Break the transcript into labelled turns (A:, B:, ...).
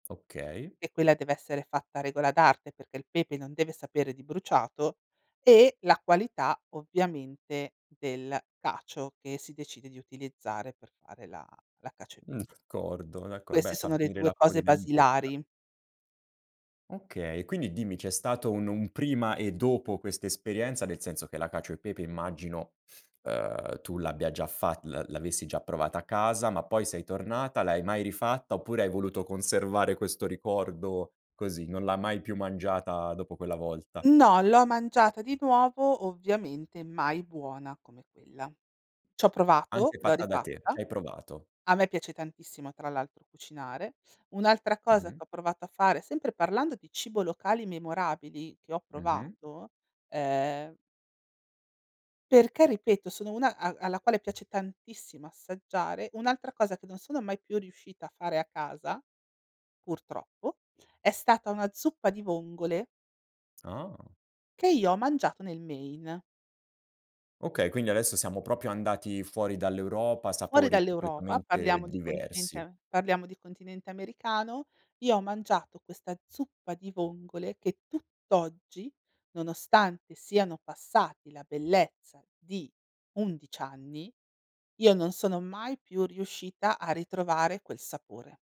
A: Okay.
B: E quella dev'essere fatta a regola d'arte, perché il pepe non deve sapere di bruciato e la qualità, ovviamente, del cacio che si decide di utilizzare per fare la la cacio e
A: Mh.
B: pepe.
A: Cordo d'acco beh,
B: Queste
A: fa
B: sono le
A: venire
B: 2 cose
A: l'acquolina in bocca.
B: basilari.
A: Okay. E quindi, dimmi, c'è stato un un prima e dopo quest'esperienza? Nel senso, che la cacio e pepe immagino, uhm, tu l'abbia già fa l'a l'avessi già provata a casa, ma poi sei tornata, l'hai mai rifatta? Oppure, hai voluto conservare questo ricordo così? Non l'ha mai più mangiata dopo quella volta?
B: No, l'ho mangiata di nuovo, ovviamente mai buona come quella. C'ho provato,
A: Anche
B: l'ho
A: fatta da te,
B: rifatta,
A: c'hai provato.
B: a me piace tantissimo tra l'altro cucinare. Un'altra cosa che
A: Mh-mh.
B: ho provato a fare, sempre parlando di cibo locali memorabili che ho
A: Mh-mh.
B: provato, ehm perché, ripeto, sono una a alla quale piace tantissimo assaggiare. Un'altra cosa che non sono mai più riuscita a fare a casa, purtroppo, è stata una zuppa di vongole
A: Ah.
B: che io ho mangiato nel Maine.
A: Okay. Quindi, adesso siamo proprio andati fuori dall'Europa,
B: Fuori
A: sapori
B: dall'Europa,
A: completamente
B: parliamo di continente
A: diversi.
B: a parliamo di continente americano, io ho mangiato questa zuppa di vongole che tutt'oggi, nonostante siano passati la bellezza di 11 anni, io non sono mai più riuscita a ritrovare quel sapore.